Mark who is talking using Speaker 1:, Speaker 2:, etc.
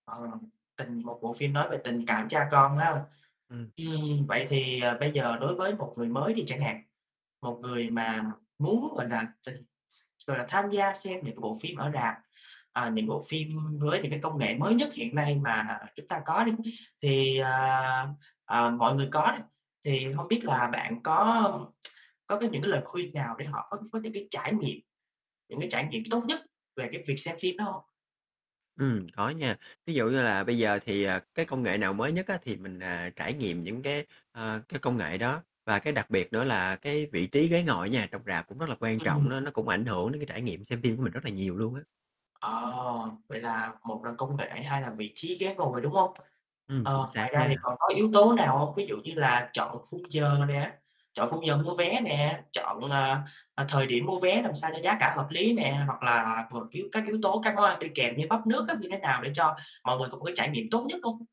Speaker 1: Ờ, tình một bộ phim nói về tình cảm cha con ha.
Speaker 2: Ừm.
Speaker 1: Ừm, vậy thì, ờ, bây giờ đối với một người mới đi chẳng hạn, một người mà muốn, gọi là, ch gọi là, tham gia xem những cái bộ phim ở rạp, ờ, những cái bộ phim với những cái công nghệ mới nhất hiện nay mà chúng ta có đi, thì, à, ờ, mọi người có đi, thì hông biết là bạn có có cái những cái lời khuyên nào để họ có có những cái trải nghiệm những cái trải nghiệm tốt nhất về cái việc xem phim đó hông?
Speaker 2: Ừm, có nha, ví dụ như là bây giờ thì, à, cái công nghệ nào mới nhất á thì mình, à, trải nghiệm những cái, ờ, cái công nghệ đó. Và cái đặc biệt nữa là cái vị trí ghế ngồi á nha trong rạp cũng rất là quan trọng đó,
Speaker 1: [unintelligible]
Speaker 2: nó cũng ảnh hưởng đến cái trải nghiệm xem phim của mình rất là nhiều luôn á.
Speaker 1: Ờ, vậy là một là công nghệ, hai là vị trí ghế ngồi, đúng hông?
Speaker 2: Ừm, chính
Speaker 1: Ờ, ngoài
Speaker 2: xác
Speaker 1: ra thì
Speaker 2: nha.
Speaker 1: còn có yếu tố nào hông? Ví dụ như là chọn khung giờ nè, chọn khung giờ mua vé nè, chọn, ờ, ờ, thời điểm mua vé làm sao cho giá cả hợp lý nè, hoặc là một yếu các yếu tố các món ăn đi kèm như bắp nước á như thế nào để cho mọi người có một cái trải nghiệm tốt nhất hông?